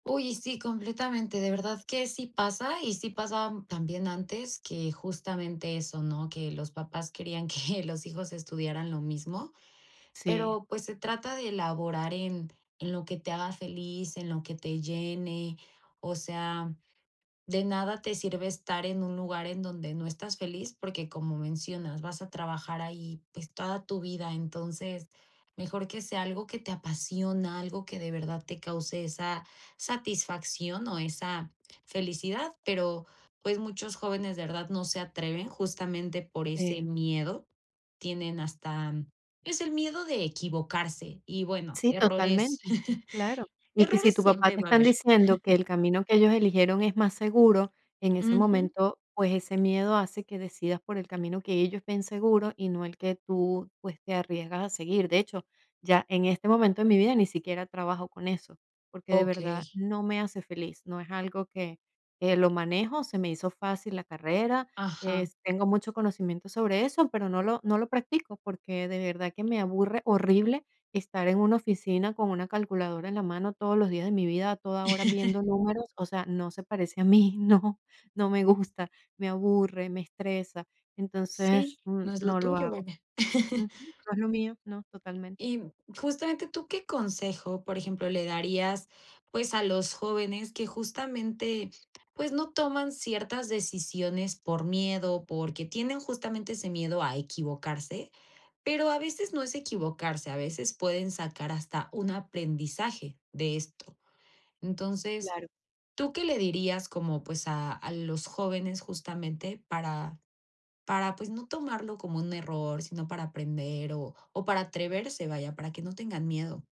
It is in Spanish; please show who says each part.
Speaker 1: Uy, y sí, completamente, de verdad que sí pasa, y sí pasaba también antes, que justamente eso, ¿no? Que los papás querían que los hijos estudiaran lo mismo,
Speaker 2: Sí.
Speaker 1: pero, pues se trata de laborar en, en lo que te haga feliz, en lo que te llene. O sea, de nada te sirve estar en un lugar en donde no estás feliz, porque, como mencionas, vas a trabajar ahí, pues, toda tu vida, entonces, mejor que sea algo que te apasiona, algo que de verdad te cause esa satisfacción o esa, felicidad, pero, pues muchos jóvenes de verdad no se atreven justamente por ese
Speaker 2: Pena.
Speaker 1: miedo, tienen hasta, es el miedo de equivocarse y bueno,
Speaker 2: Sí,
Speaker 1: errores,
Speaker 2: totalmente. Claro. Y que si
Speaker 1: errores
Speaker 2: tu papá
Speaker 1: siempre
Speaker 2: te
Speaker 1: va a
Speaker 2: están
Speaker 1: haber.
Speaker 2: diciendo que el camino que ellos eligieron es más seguro, en ese
Speaker 1: Ujú.
Speaker 2: momento, pues ese miedo hace que decidas por el camino que ellos ven seguro y no el que tú, pues, te arriesgas a seguir. De hecho, ya, en este momento de mi vida, ni siquiera trabajo con eso, porque de verdad
Speaker 1: Okey.
Speaker 2: no me hace feliz, no es algo que, que lo manejo, se me hizo fácil la carrera,
Speaker 1: Ajá.
Speaker 2: es tengo mucho conocimiento sobre eso, pero no lo no lo practico, porque de verdad que me aburre horrible estar en una oficina con una calculadora en la mano todos los días de mi vida, a toda hora viendo números, o sea, no se parece a mí, no, no me gusta, me aburre, me estresa,
Speaker 1: Sí,
Speaker 2: entonces n
Speaker 1: no es lo
Speaker 2: no lo
Speaker 1: tuyo,
Speaker 2: hago.
Speaker 1: vaya.
Speaker 2: Ujú. No es lo mío, no, totalmente.
Speaker 1: Y, mm, justamente, ¿tú qué consejo? Por ejemplo, le darías, pues, a los jóvenes que justamente, pues, no toman ciertas decisiones por miedo, porque tienen justamente ese miedo a equivocarse, pero a veces no es equivocarse, a veces pueden sacar hasta un aprendizaje de esto. Entonces,
Speaker 2: Claro.
Speaker 1: ¿tú qué le dirías como, pues, a a los jóvenes? Justamente para, para pues, no tomarlo como un error, sino para aprender o o para atreverse, vaya, para que no tengan miedo.